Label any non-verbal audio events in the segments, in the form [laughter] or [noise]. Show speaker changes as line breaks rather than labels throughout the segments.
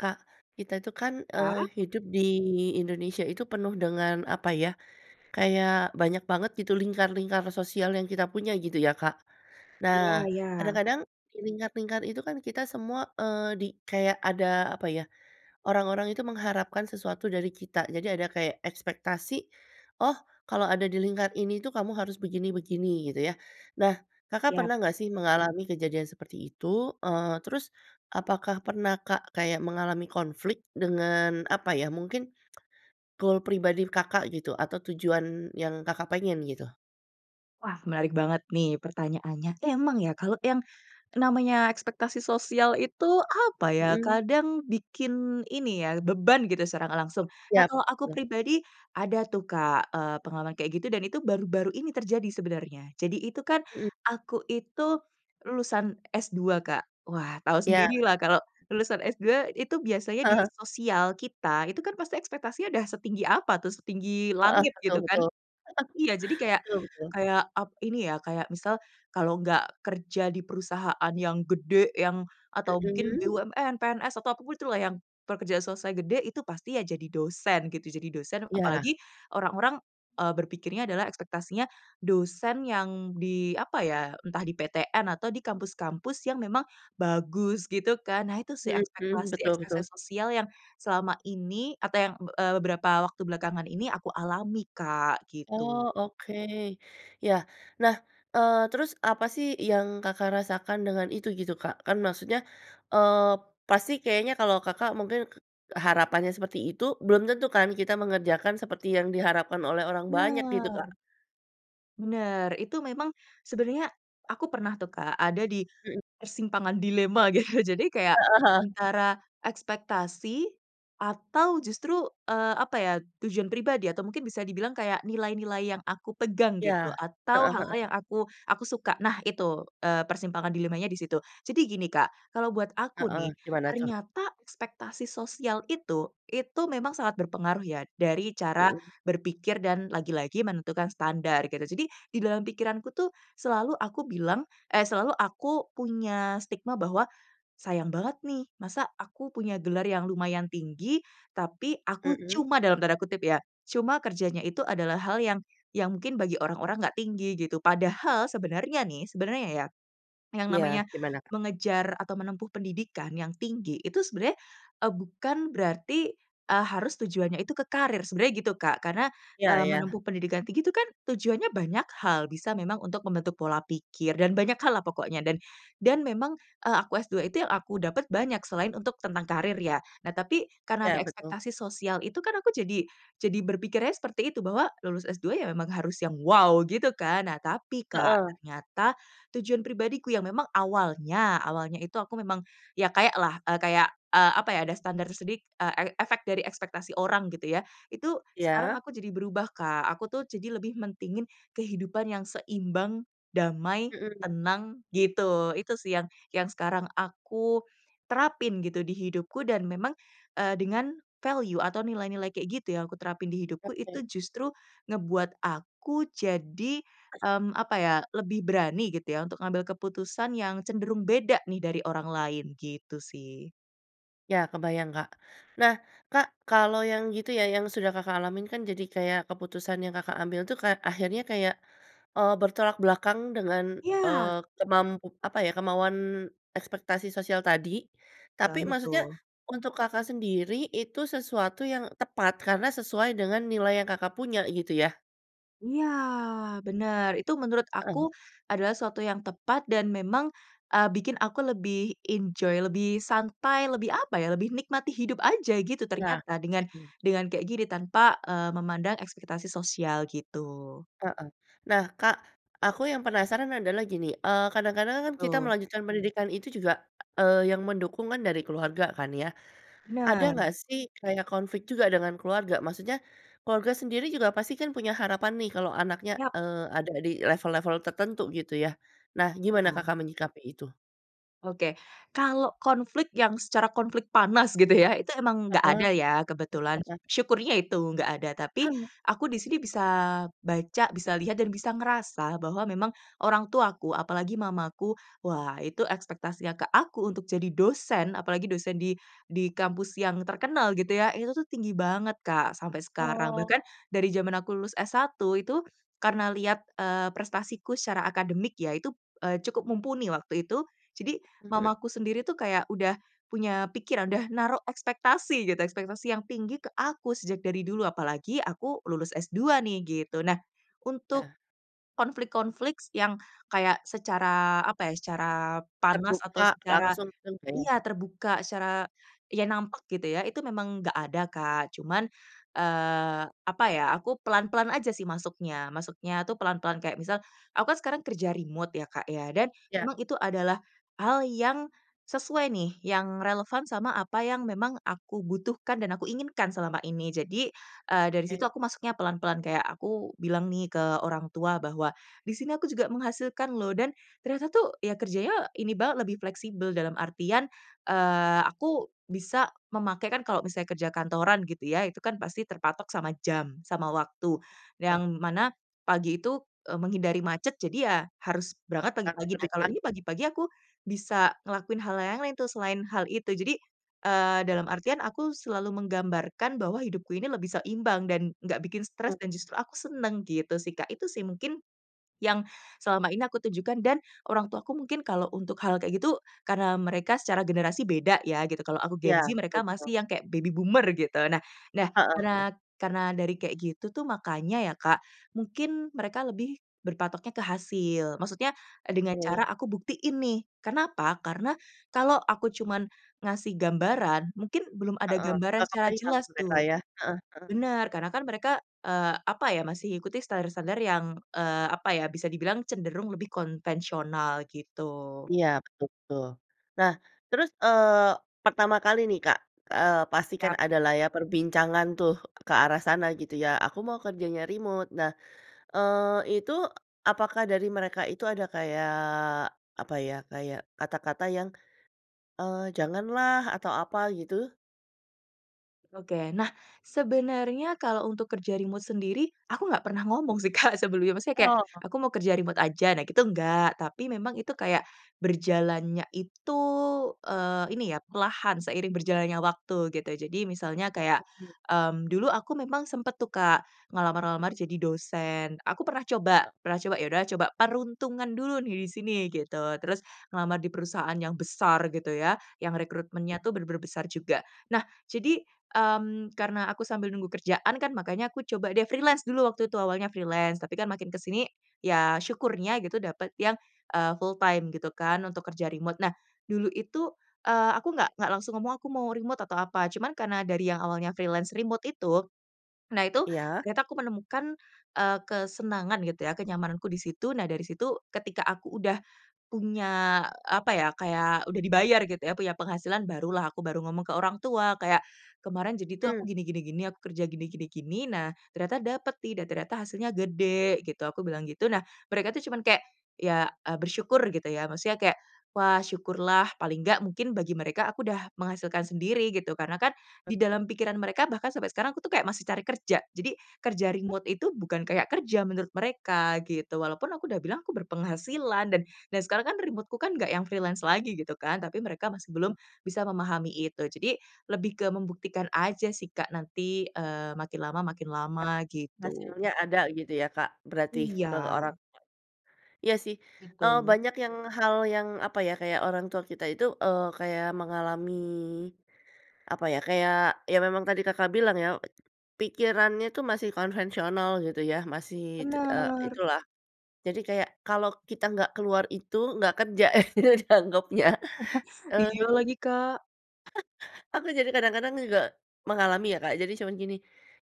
Kak, kita itu kan, eee,
Ya.
hidup di Indonesia itu penuh dengan apa ya, kayak banyak banget gitu lingkar-lingkar sosial yang kita punya gitu ya Kak.
Iya
Nah,
iya.
kadang-kadang di lingkar-lingkar itu kan kita semua, eee, di kayak ada apa ya, orang-orang itu mengharapkan sesuatu dari kita, jadi ada kayak ekspektasi, "Oh kalau ada di lingkar ini tuh kamu harus begini-begini," gitu ya. Nah Kakak
Iyap.
pernah nggak sih mengalami kejadian seperti itu? Eee, terus apakah pernah, Kak? Kayak mengalami konflik dengan apa ya, mungkin [tsk] goal pribadi Kakak gitu, atau tujuan yang Kakak pengen gitu.
Wah menarik banget nih pertanyaannya. Emang ya kalau yang namanya ekspektasi sosial itu apa ya,
Mhm.
kadang bikin ini ya, beban gitu secara nggak langsung. Nah
Siap.
kalau aku
[unintelligible]
pribadi ada tuh Kak, eee, pengalaman kayak gitu dan itu baru-baru ini terjadi sebenarnya. Jadi itu kan,
Mhm.
aku itu lulusan S2 Kak. Wah, tahu
Iya.
sendirilah kalau lulusan S2 itu biasanya di
Heeh.
sosial kita, itu kan pasti ekspektasinya udah setinggi apa tuh, setinggi
Heeh,
langit gitu
betul
kan.
betul. [chuckles]
Iya, jadi kayak
Betul betul.
kayak ap ini ya, kayak misal, kalau nggak kerja di perusahaan yang gede yang, atau mungkin
Mhm.
BUMN, PNS atau apa pun itulah yang pekerja selesai gede itu pasti ya jadi dosen gitu. Jadi dosen
Iya.
apalagi orang-orang, eee, berpikirnya adalah ekspektasinya dosen yang di apa ya, entah di PTN atau di kampus-kampus yang memang bagus gitu kan. Nah itu sih
Mhm mhm, betul betul.
ekspektasi-ekspektasi sosial yang selama ini atau yang, be eee, beberapa waktu belakangan ini aku alami Kak,
Oh
gitu.
oke. Ya, nah, eee, terus apa sih yang Kakak rasakan dengan itu gitu Kak? Kan maksudnya, eee, pasti kayaknya kalau Kakak mungkin k harapannya seperti itu, belum tentu kan kita mengerjakan seperti yang diharapkan oleh orang banyak gitu Kak.
Bener. Bener, itu memang sebenernya aku pernah tuh Kak, ada di
Mhm.
persimpangan dilema gitu. Jadi kayak
Heeh heeh.
antara ekspektasi atau justru, eee, apa ya tujuan pribadi atau mungkin bisa dibilang kayak nilai-nilai yang aku pegang gitu,
Iya,
atau
heeh heeh.
hal-hal yang aku aku suka. Nah itu, eee, persimpangan dilemanya di situ. Jadi gini Kak, kalau buat aku
Heeh,
nih,
gimana tuh?
ternyata ekspektasi sosial itu, itu memang sangat berpengaruh ya dari cara
Mhm.
berpikir dan lagi-lagi menentukan standar gitu. Jadi di dalam pikiranku tuh selalu aku bilang eh selalu aku punya stigma bahwa, "Sayang banget nih, masa aku punya gelar yang lumayan tinggi tapi aku
Mhm.
cuma" dalam tanda kutip ya, "cuma kerjanya itu adalah hal yang yang mungkin bagi orang-orang nggak tinggi," gitu. Padahal sebenarnya nih, sebenarnya ya, yang
Iya.
namanya
Gimana, Kak?
mengejar atau menempuh pendidikan yang tinggi, itu sebenarnya, eee, bukan berarti, eee, harus tujuannya itu ke karir, sebenarnya gitu Kak. Karena,
Iya
eee,
iya.
menempuh pendidikan tinggi itu kan tujuannya banyak hal, bisa memang untuk membentuk pola pikir dan banyak hal lah pokoknya dan dan memang, eee, aku S2 itu yang aku dapat banyak selain untuk tentang karir ya. Nah tapi karena ada
Iya betul.
ekspektasi sosial itu kan aku jadi jadi berpikirnya seperti itu, bahwa lulus S2 ya memang harus yang, "wow" gitu kan. Nah tapi Kak,
Heeh.
ternyata tujuan pribadiku yang memang awalnya, awalnya itu aku memang ya kayak lah, eee, kayak, eee, apa ya, ada standar sedik eee, e efek dari ekspektasi orang gitu ya. Itu sekarang
Iya.
aku jadi berubah, Kak. Aku tuh jadi lebih mentingin kehidupan yang seimbang, damai,
Mhm.
tenang, gitu. Itu sih yang, yang sekarang aku terapin gitu di hidupku dan memang, eee, dengan value atau nilai-nilai kayak gitu yang aku terapin di hidupku
Oke.
itu justru ngebuat aku jadi,
[coughs]
mmm, apa ya, lebih berani gitu ya untuk ngambil keputusan yang cenderung beda nih dari orang lain, gitu sih.
Iya kebayang, Kak. Nah, Kak kalau yang gitu ya, yang sudah Kakak alamin kan jadi kayak keputusan yang Kakak ambil tuh kayak, akhirnya kayak, eee, bertolak belakang dengan, eee,
Iya.
kemampu apa ya, kemauan ekspektasi sosial tadi. Tapi
Banget
maksudnya
tuh.
untuk Kakak sendiri itu sesuatu yang tepat, karena sesuai dengan nilai yang Kakak punya gitu ya?
Iya, bener. Itu menurut aku
Hmm.
adalah suatu yang tepat dan memang, eee, bikin aku lebih enjoy, lebih santai, lebih apa ya, lebih nikmati hidup aja gitu
Iya,
ternyata dengan
mhm.
dengan kayak gini tanpa, eee, memandang ekspektasi sosial gitu.
Heeh. Nah Kak, aku yang penasaran adalah gini, eee, kadang-kadang kan kita
Betul.
melanjutkan pendidikan itu juga, eee, yang mendukung kan dari keluarga kan ya. Ada
Bener.
nggak sih kayak konflik juga dengan keluarga? Maksudnya keluarga sendiri juga pasti kan punya harapan nih kalau anaknya,
Yap.
eee, ada di level-level tertentu gitu ya, nah gimana
Iya.
Kakak menyikapi itu?
Oke, kalau konflik yang secara konflik panas gitu ya, itu emang nggak
Heeh,
ada ya kebetulan,
heeh.
syukurnya itu nggak ada. Tapi
Hmm.
aku di sini bisa baca, bisa lihat, dan bisa ngerasa bahwa memang orang tuaku, apalagi mamaku, wah itu ekspektasinya ke aku untuk jadi dosen apalagi dosen di di kampus yang terkenal gitu ya, itu tuh tinggi banget, Kak sampai sekarang.
Oh.
Bahkan dari jaman aku lulus S1 itu, karena lihat, eee, prestasiku secara akademik ya itu, eee, cukup mumpuni waktu itu. Jadi
Mhm.
mamaku sendiri tuh kayak udah punya pikiran, udah naro ekspektasi gitu, ekspektasi yang tinggi ke aku sejak dari dulu, apalagi aku lulus S2 nih gitu. Nah untuk
Ya.
konflik yang kayak secara apa ya, secara panas atau
Terbuka
secara
langsung. [unintelligible]
iya terbuka, secara ya nampak gitu ya, itu memang nggak ada, Kak. Cuman, eee, apa ya, aku pelan-pelan aja sih masuknya masuknya tuh pelan-pelan. Kayak misal, aku kan sekarang kerja remote ya Kak ya, dan
Iya.
memang itu adalah hal yang sesuai nih, yang relevan sama apa yang memang aku butuhkan dan aku inginkan selama ini. Jadi, eee, dari situ
Oke.
aku masuknya pelan-pelan, kayak aku bilang nih ke orang tua bahwa di sini aku juga menghasilkan loh, dan ternyata tuh ya kerjanya ini banget lebih fleksibel. Dalam artian, eee, aku bisa memakai, kan kalo misalnya kerja kantoran gitu ya itu kan pasti terpatok sama jam, sama waktu,
Oh.
yang mana pagi itu, eee, menghindari macet jadi ya harus berangkat
Berangkat
pagi-pagi. Nah
lebih
kalau ini
pagi.
pagi-pagi aku bisa ngelakuin hal yang lain-lain tuh selain hal itu. Jadi, eee, dalam artian aku selalu menggambarkan bahwa hidupku ini lebih seimbang dan nggak bikin stres
Oh.
dan justru aku seneng gitu sih Kak. Itu sih mungkin yang selama ini aku tunjukan dan orang tuaku mungkin kalau untuk hal kayak gitu, karena mereka secara generasi beda ya gitu, kalau aku Gen
Iya,
Z,
betul
mereka
betul.
masih yang kayak baby boomer gitu. Nah nah,
Heeh heeh.
karena karena dari kayak gitu tuh makanya ya Kak, mungkin mereka lebih berpatoknya ke hasil, maksudnya, eee, dengan cara
We.
aku buktiin nih, Karena apa? Karena kalau aku cuman ngasih gambaran, mungkin belum ada
Heeh,
gambaran
gak
secara
kebayang
jelas
mereka
tuh.
ya, heeh heeh.
Benar, karena kan mereka, eee, apa ya masih ikuti standar-standar yang, eee, apa ya bisa dibilang cenderung lebih konvensional gitu.
Iya betul betul. Nah terus, eee, pertama kali nih Kak, eee, pasti kan
Yap.
adalah ya perbincangan tuh ke arah sana gitu ya, aku mau kerjanya remote. Nah, eee, itu, apakah dari mereka itu ada kayak apa ya, kayak kata-kata yang, eee, "Janganlah" atau apa gitu?
Oke, nah sebenarnya kalau untuk kerja remote sendiri, aku nggak pernah ngomong sih Kak, sebelumnya. Maksudnya kayak,
Oh.
"Aku mau kerja remote aja," nah itu enggak. Tapi memang itu kayak, berjalannya itu, eee, ini ya perlahan seiring berjalannya waktu gitu. Jadi misalnya kayak,
[unintelligible]
mmm, dulu aku memang sempet tuh, Kak ngelamar-lamar jadi dosen, aku pernah coba pernah coba, ya udahlah coba peruntungan dulu nih di sini, gitu. Terus ngelamar di perusahaan yang besar gitu ya, yang rekrutmennya tuh benar-benar besar juga. Nah jadi, mmm, karena aku sambil nunggu kerjaan kan, makanya aku coba deh freelance dulu, waktu itu awalnya freelance, tapi kan makin ke sini ya syukurnya gitu dapat yang, eee full time gitu kan untuk kerja remote. Nah dulu itu, eee, aku nggak nggak langsung ngomong, "Aku mau remote," atau apa cuman karena dari yang awalnya freelance remote itu, nah itu
Iya.
ternyata aku menemukan, eee, kesenangan gitu ya, kenyamananku di situ. Nah dari situ ketika aku udah punya apa ya, kayak udah dibayar gitu ya, punya penghasilan barulah aku baru ngomong ke orang tua. Kayak "Kemarin, jadi tuh
Mmm.
aku gini gini gini, aku kerja gini gini gini, nah ternyata dapet nih dan ternyata hasilnya gede," gitu aku bilang gitu. Nah mereka itu cuman kayak, ya eee, bersyukur gitu ya maksudnya kayak, "Wah syukurlah" paling nggak, mungkin bagi mereka aku udah menghasilkan sendiri gitu. Karena kan di
Betul.
dalam pikiran mereka bahkan sampai sekarang aku tuh kayak masih cari kerja, jadi kerja remote itu bukan kayak kerja menurut mereka gitu. Walaupun aku udah bilang aku berpenghasilan dan, dan sekarang kan remote-ku kan nggak yang freelance lagi gitu kan, tapi mereka masih belum bisa memahami itu. Jadi lebih ke membuktikan aja sih Kak, nanti, eee, makin lama makin
Yang
lama
penting
gitu.
hasilnya ada gitu ya Kak berarti ke orang
Iya.
tua? Iya sih, eee,
Betul.
banyak yang hal yang apa ya, kayak orang tua kita itu, eee, kayak mengalami apa ya, kayak ya memang tadi Kakak bilang ya, eee, pikirannya tuh masih konvensional gitu ya, masih tu, eee,
Bener.
itulah. Jadi kayak, kalo kita nggak keluar itu, nggak kerja [chuckles] dianggapnya eee
Iya lagi, Kak.
[chuckles] Aku jadi kadang-kadang juga mengalami ya Kak, jadi cuma gini,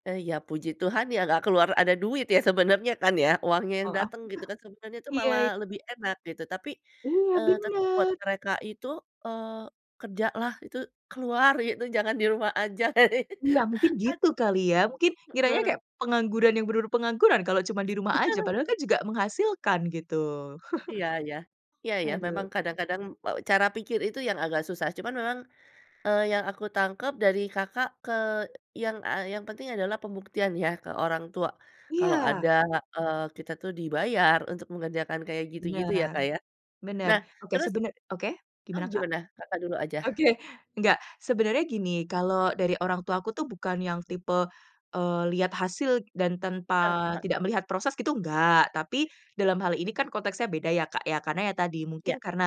eee, "Ya puji Tuhan ya nggak keluar," ada duit ya sebenarnya kan ya, uangnya yang
Oh, aku
dateng
tuh
gitu kan, sebenarnya itu
iya,
malah
iy
lebih enak gitu. Tapi,
Iya
eee, tet buat
bener.
mereka itu, eee, kerjalah itu keluar gitu, jangan di rumah aja,
Iya mungkin
[laughs] ad
gitu kali, ya mungkin ngiranya
Mhm.
kayak pengangguran yang bener-bener pengangguran kalau cuma di rumah aja,
[laughs]
padahal kan juga menghasilkan gitu. [chuckles]
Iya iya, iya iya. Memang
Aduh.
kadang-kadang, eee, cara pikir itu yang agak susah. Cuman memang, eee, yang aku tangkap dari Kakak ke yang, eee, yang penting adalah pembuktian ya ke orang tua, kalau ada,
Iya.
eee, kita tuh dibayar untuk mengerjakan kayak gitu-gitu ya
Bener,
Kak ya.
bener.
Nah
Oke
terus
sebener oke
Oh
gimana, Kak?
gimana? Kakak dulu aja.
Oke, nggak, sebenarnya gini, kalau dari orang tuaku tuh bukan yang tipe, eee, lihat hasil dan tanpa
Heeh.
tidak melihat proses gitu nggak, tapi dalam hal ini kan konteksnya beda ya Kak ya. Karena ya tadi
Iya.
mungkin karena,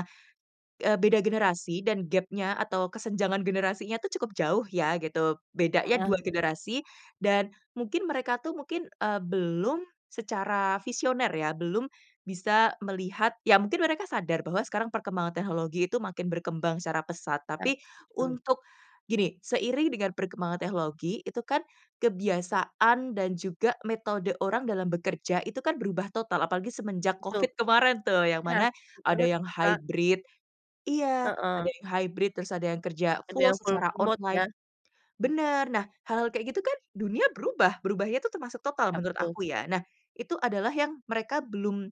eee, beda generasi dan gapnya atau kesenjangan generasinya tuh cukup jauh ya gitu. Bedanya
Heeh.
dua generasi dan mungkin mereka tuh mungkin, eee, belum secara visioner ya, belum bisa melihat. Ya mungkin mereka sadar bahwa sekarang perkembangan teknologi itu makin berkembang secara pesat.
Nah
Tapi,
setuju.
untuk, gini, seiring dengan perkembangan teknologi itu kan kebiasaan dan juga metode orang dalam bekerja, itu kan berubah total apalagi semenjak
Betul
covid
betul.
kemarin tuh, yang
Iya
mana
setuju
ada
banget
yang
itu, Kak.
hybrid, iya, ada
Heeh.
yang hybrid, terus ada yang kerja
Ada
full
yang full
secara
remote
online,
ya.
bener. Nah hal-hal kayak gitu kan dunia berubah, berubahnya itu termasuk total
Kak,
menurut
betul.
aku ya. Nah itu adalah yang mereka belum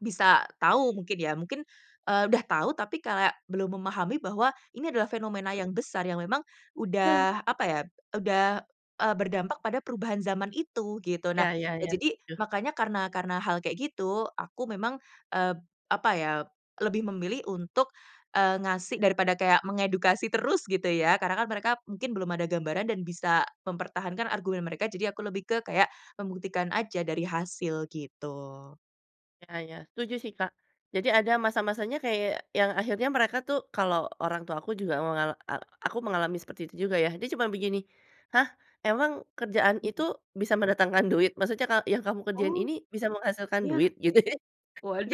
bisa tahu mungkin ya, mungkin, eee, udah tahu tapi kayak, belum memahami bahwa ini adalah fenomena yang besar, yang memang
Nah.
udah apa ya, udah, eee, berdampak pada perubahan zaman itu gitu. Nah,
Iya iya
eee,
iya,
jadi
setuju.
makanya karena karena hal kayak gitu, aku memang, eee, apa ya, lebih memilih untuk, eee, ngasih daripada kayak mengedukasi terus gitu ya. Karena kan mereka mungkin belum ada gambaran dan bisa mempertahankan argumen mereka, jadi aku lebih ke kayak membuktikan aja dari hasil gitu.
Iya iya, setuju sih Kak. Jadi ada masa-masanya kayak yang akhirnya mereka tuh kalau orang tua aku juga aku mengal a aku juga mengalami seperti itu juga ya. Dia cuma begini, "Hah, emang kerjaan itu bisa mendatangkan duit? Maksudnya ka yang kamu kerjain
Oh.
ini bisa menghasilkan
Ya.
duit?" gitu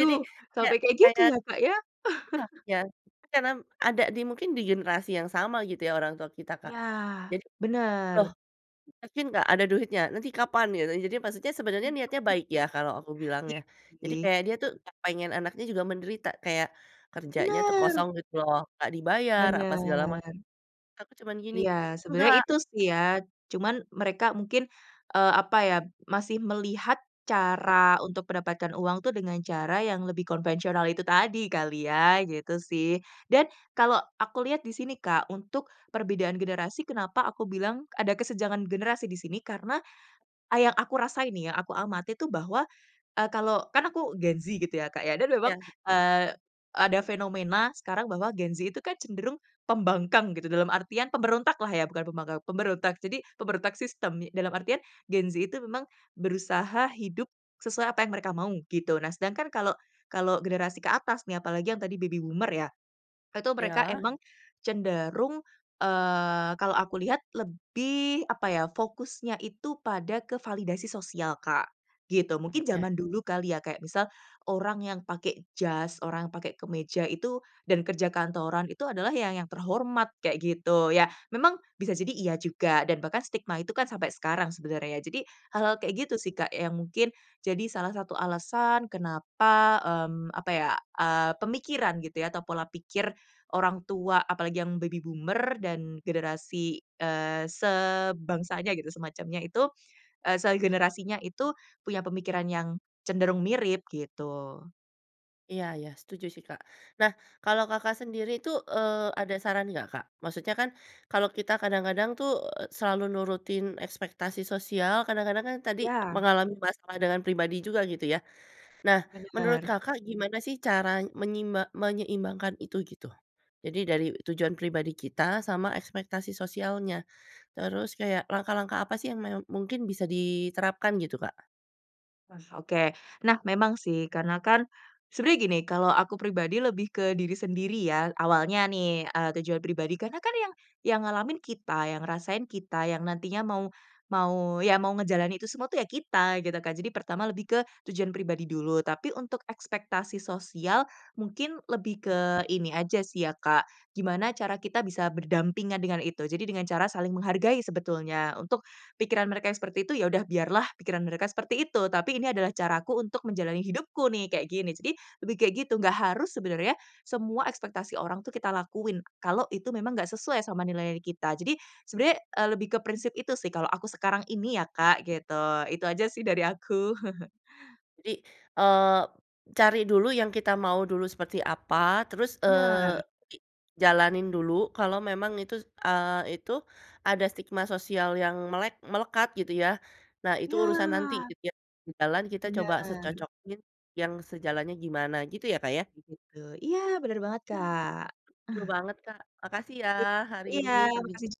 jadi,
Sampai
kayak
kayak gitu
kayak
ya, Kak ya.
[unintelligible]
[chuckles]
karena ada di mungkin, di generasi yang sama gitu ya orang tua kita Kak.
Ya,
Jadi, "Loh,
bener.
yakin nggak, ada duitnya? Nanti kapan?" Gitu, jadi maksudnya sebenarnya niatnya
[unintelligible]
baik ya kalau aku bilang ya.
Iya
Jadi
sih.
kayak dia tuh nggak pengen anaknya juga menderita, kayak kerjanya tuh
Bener.
kosong gitu loh, nggak dibayar apa segala macam.
Bener.
Aku cuman gini,
Iya
"Nggak"
sebenarnya itu sih ya. Cuman mereka mungkin, eee, apa ya, masih melihat cara untuk mendapatkan uang tuh dengan cara yang lebih konvensional itu tadi kali ya, gitu sih. Dan kalau aku lihat di sini, Kak, untuk perbedaan generasi kenapa aku bilang ada kesenjangan generasi di sini? Karena a yang aku rasain nih ya, yang aku amati itu bahwa, eee, kalau kan aku Gen Z gitu ya Kak ya, dan memang,
Iya.
eee, ada fenomena sekarang bahwa Gen Z itu kan cenderung pembangkang gitu, dalam artian pemberontaklah ya, bukan pembangkang, pemberontak. Jadi, pemberontak sistem, nye dalam artian Gen Z itu memang berusaha hidup sesuai apa yang mereka mau gitu. Nah sedangkan kalau kalau generasi ke atas nih, apalagi yang tadi baby boomer ya, itu mereka
Iya.
emang cenderung, eee, kalau aku lihat lebih apa ya, fokusnya itu pada ke validasi sosial Kak,
Iya,
gitu. Mungkin
ya.
zaman dulu kali ya, kayak misal orang yang pakai jas, orang pakai kemeja itu dan kerja kantoran itu adalah ya yang terhormat kayak gitu ya. Memang bisa jadi iya juga, dan bahkan stigma itu kan sampai sekarang sebenarnya. Jadi hal-hal kayak gitu sih Kak yang mungkin jadi salah satu alasan kenapa, mmm, apa ya, ah, pemikiran gitu ya atau pola pikir orang tua, apalagi yang baby boomer dan generasi, eee, sebangsanya gitu, semacamnya itu, eee, segenerasinya itu punya pemikiran yang cenderung mirip gitu.
Iya iya setuju sih, Kak. Nah kalau Kakak sendiri itu, eee, ada saran nggak, Kak? Maksudnya kan kalau kita kadang-kadang tuh, selalu nurutin ekspektasi sosial, kadang-kadang kan tadi
Ya.
mengalami masalah dengan pribadi juga gitu ya. Nah menurut
Bener.
Kakak gimana sih cara menyime menyeimbangkan itu gitu? Jadi dari tujuan pribadi kita sama ekspektasi sosialnya, terus kayak langkah-langkah apa sih yang meo mungkin bisa diterapkan gitu Kak?
Mas oke, nah memang sih, karena kan sebenernya gini, kalau aku pribadi lebih ke diri sendiri ya. Awalnya nih, eee, tujuan pribadi. Karena kan yang, yang ngalamin kita, yang ngerasain kita, yang nantinya mau mau, ya mau ngejalanin itu semua tuh ya kita gitu kan. Jadi pertama lebih ke tujuan pribadi dulu, tapi untuk ekspektasi sosial mungkin lebih ke ini aja sih ya Kak, gimana cara kita bisa berdampingan dengan itu. Jadi dengan cara saling menghargai sebetulnya untuk pikiran mereka seperti itu, ya udah biarlah pikiran mereka seperti itu, tapi ini adalah caraku untuk menjalani hidupku nih, kayak gini. Jadi lebih kayak gitu, nggak harus sebenarnya, semua ekspektasi orang tuh kita lakuin, kalau itu memang nggak sesuai sama nilainya kita. Jadi, sebenarnya, eee, lebih ke prinsip itu sih kalau aku sekarang ini ya Kak, gitu. Itu aja sih dari aku. [chuckles]
Jadi, eee, cari dulu yang kita mau dulu seperti apa, terus,
Bener.
eee, jadi jalanin dulu kalau memang itu, eee, itu ada stigma sosial yang melek melekat gitu ya. Nah itu urusan nanti
Iya.
gitu ya, di jalan kita coba
Bener.
secocokin, yang sejalannya gimana gitu ya, Kak ya?
Begitu, iya bener banget,
Mmm,
Kak.
seru banget, Kak. Makasih ya
I
hari ini
iya, makasih
perbinca
jug